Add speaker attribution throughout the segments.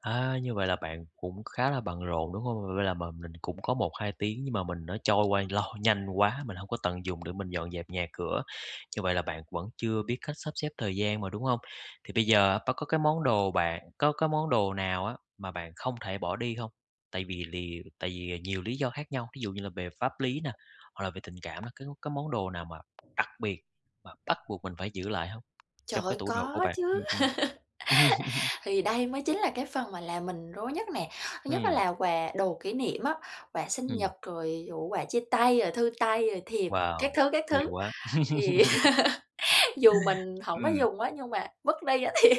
Speaker 1: À, như vậy là bạn cũng khá là bận rộn, đúng hông? Vậy là mà mình cũng có 1-2 tiếng, nhưng mà mình nó trôi qua lo nhanh quá, mình hổng có tận dùng để mình dọn dẹp nhà cửa. Như vậy là bạn vẫn chưa biết cách sắp xếp thời gian mà, đúng hông? Thì bây giờ, bạn có cái món đồ bạn có có món đồ nào á, mà bạn không thể bỏ đi hông? Tại vì lì tại vì nhiều lý do khác nhau, thí dụ như là về pháp lý nè, hoặc là về tình cảm nó cứ cái m có món đồ nào mà đặc biệt mà bắt buộc mình phải giữ lại hông?
Speaker 2: Trời
Speaker 1: Trong cái
Speaker 2: ơi,
Speaker 1: tủ đồ của
Speaker 2: có
Speaker 1: bạn ừm,
Speaker 2: chứ.
Speaker 1: ừm.
Speaker 2: Thì đây mới chính là cái phần mà làm mình rối nhất nè. Thứ nhất á
Speaker 1: Ừm.
Speaker 2: là quà đồ kỷ niệm á, quà sinh
Speaker 1: Ừm.
Speaker 2: nhật, rồi, ờ, quà chia tay, rồi thư tay, rồi thiệp, các
Speaker 1: Wow!
Speaker 2: thứ, các
Speaker 1: Nhiều
Speaker 2: thứ,
Speaker 1: quá.
Speaker 2: thì dù mình hổng có
Speaker 1: Ừm.
Speaker 2: dùng á, nhưng mà vứt đi á thì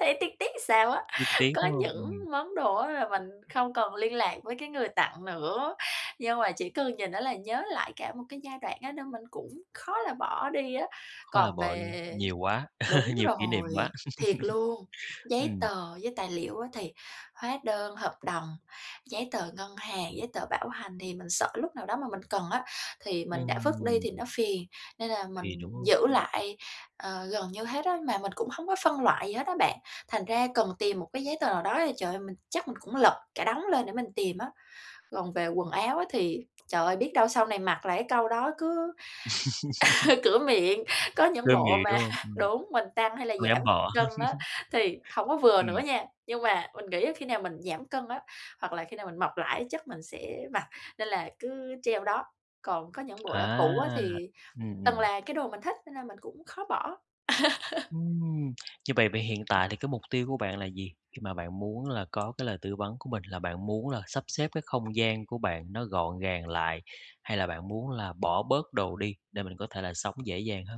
Speaker 2: thấy tiếc tiếc làm sao á.
Speaker 1: Tiếc tiếc,
Speaker 2: Có
Speaker 1: đúng hông?
Speaker 2: những
Speaker 1: Ừm.
Speaker 2: món đồ á là mình không còn liên lạc với cái người tặng nữa, nhưng mà chỉ cần nhìn nó là nhớ lại cả một cái giai đoạn á nên mình cũng khó là bỏ đi á.
Speaker 1: Khó là
Speaker 2: Còn
Speaker 1: bỏ đi.
Speaker 2: về
Speaker 1: Nhiều quá,
Speaker 2: đúng
Speaker 1: nhiều kỷ niệm quá.
Speaker 2: rồi, thiệt luôn, giấy
Speaker 1: Ừm.
Speaker 2: tờ với tài liệu á thì hóa đơn hợp đồng, giấy tờ ngân hàng, giấy tờ bảo hành thì mình sợ lúc nào đó mà mình cần á thì mình đã vứt đi
Speaker 1: Ừm.
Speaker 2: thì nó phiền. Nên là
Speaker 1: Phiền
Speaker 2: mình
Speaker 1: đúng hông?
Speaker 2: giữ
Speaker 1: Ừm.
Speaker 2: lại, ờ, gần như hết á, mà mình cũng hông có phân loại gì hết á bạn, thành ra cần tìm một cái giấy tờ nào đó thì, trời ơi, mình chắc mình cũng lật cả đống lên để mình tìm á. Còn về quần áo á thì: "Trời ơi, biết đâu sau này mặc lại", cái câu đó cứ cửa miệng, có những
Speaker 1: Cửa
Speaker 2: bộ
Speaker 1: miệng,
Speaker 2: mà
Speaker 1: đúng hông? Ừm.
Speaker 2: đúng, mình tăng hay là
Speaker 1: Không dám
Speaker 2: giảm
Speaker 1: bỏ.
Speaker 2: cân á, thì hổng có vừa nữa
Speaker 1: Ừm.
Speaker 2: nha, nhưng mà mình nghĩ á khi nào mình giảm cân á, hoặc là khi nào mình mập lại á chắc mình sẽ mặc, nên là cứ treo đó. Còn có những bộ
Speaker 1: À.
Speaker 2: đã cũ á thì
Speaker 1: Ừm,
Speaker 2: từng
Speaker 1: ừm.
Speaker 2: là cái đồ mình thích cho nên mình cũng khó bỏ.
Speaker 1: Ừm. Như vậy vậy hiện tại thì cái mục tiêu của bạn là gì? Khi mà bạn muốn là có cái lời tư vấn của mình, là bạn muốn là sắp xếp cái không gian của bạn nó gọn gàng lại? Hay là bạn muốn là bỏ bớt đồ đi để mình có thể là sống dễ dàng hơn?